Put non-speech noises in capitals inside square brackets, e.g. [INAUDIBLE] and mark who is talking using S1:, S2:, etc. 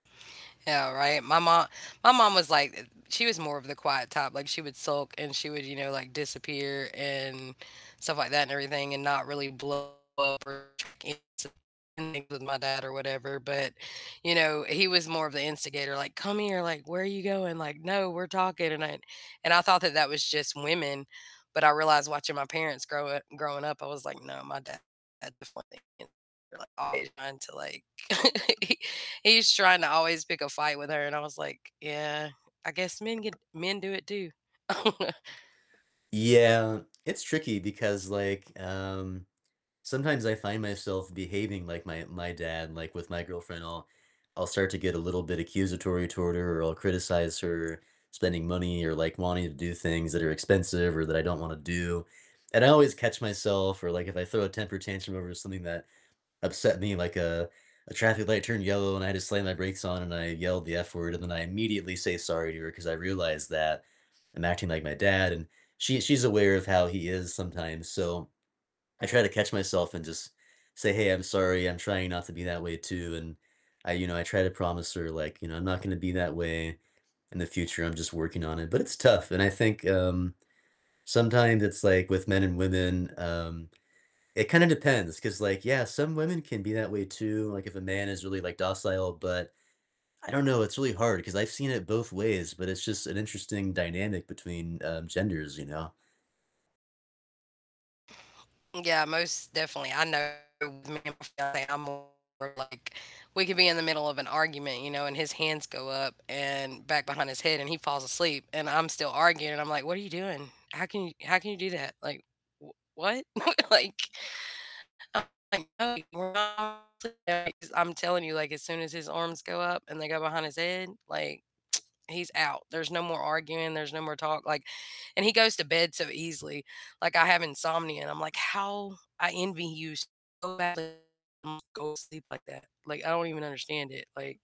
S1: Yeah, right. My mo my mom was like she was more of the quiet type. Like, she would sulk and she would, you know, like, disappear and stuff like that and everything, and not really blow up or [UNINTELLIGIBLE] with my dad or whatever. But, you know, he was more of the instigator, like, "Come here," like, "Where are you going?" Like, "No, we're talking." And I and I thought that that was just women, but I realized watching my parents grow, uh growing up, I was like, "No, my dad." [UNINTELLIGIBLE] Trying to like [LAUGHS] he's trying to always pick a fight with her, and I was like, "Yeah, I guess men get men do it too." [LAUGHS]
S2: Yeah, it's tricky because, like, um, sometimes I find myself behaving like my my dad, like, with my girlfriend, I'll I'll start to get a little bit accusatory toward her or I'll criticize her spending money or, like, wanting to do things that are expensive or that I don't want to do. And I always catch myself or, like, if I throw a temper tantrum over something that upset me, like a a traffic light turned yellow and I just slammed my brakes on and I yelled the F word and then I immediately say sorry to her 'cause I realized that I'm acting like my dad and she she's aware of how he is sometimes, so I try to catch myself and just say, "Hey, I'm sorry. I'm trying not to be that way too." And I you know, I try to promise her, like, you know, "I'm not gonna be that way in the future. I'm just working on it." But it's tough and I think, um, sometimes it's like with men and women, um, it kinda depends 'cause, like, yeah, some women can be that way too, like, if a man is really, like, docile, but I don't know, it's really hard 'cause I've seen it both ways, but it's just an interesting dynamic between, um, genders, you know?
S1: Yeah, most definitely. I know [UNINTELLIGIBLE] I'm more, like we could be in the middle of an argument, you know, and his hands go up and back behind his head and he falls asleep and I'm still arguing. I'm like, "What are you doing? How can you how can you do that?" Like, "W what?" [CHUCKLES] Like, [UNINTELLIGIBLE] I'm telling you, like, as soon as his arms go up and they go behind his head, like, [TSK] he's out. There's no more arguing, there's no more talk like, and he goes to bed so easily. Like, I have insomnia and I'm like, "How I envy you so bad [UNINTELLIGIBLE] go sleep like that.“ Like, I don't even understand it. Like